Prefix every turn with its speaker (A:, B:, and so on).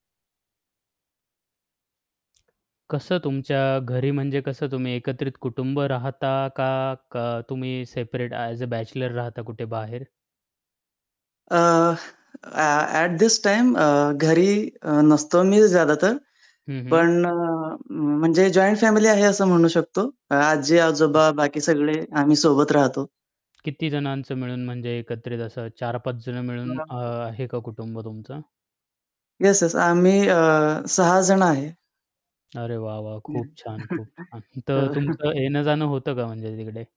A: कसं तुमच्या घरी म्हणजे कसं तुम्ही एकत्रित कुटुंब राहता का, क तुम्ही सेपरेट ॲज अ, बॅचलर राहता कुठे बाहेर?
B: अ, ॲ ॲट धिस टाईम अ, घरी अ, नसतो मी ज्यादा तर.
A: हं, हं.
B: पण अ, म्हणजे जॉइंट फॅमिली आहे असं म्हणू शकतो.
A: [unintelligible]
B: आजी-आजोबा बाकी सगळे आम्ही सोबत राहतो.
A: किती जणांचं मिळून म्हणजे एकत्रित असं 4-5 जण मिळून अ,
B: [unintelligible]
A: आहे का कुटुंब तुमचं?
B: Yes, yes. आम्ही अ, 6 जण आहे.
A: अरे वाह, वाह!
B: हं.
A: खूप छान, खूप छान. तर
B: हो.
A: तुमचं येणं-जाणं होतं का म्हणजे तिकडे?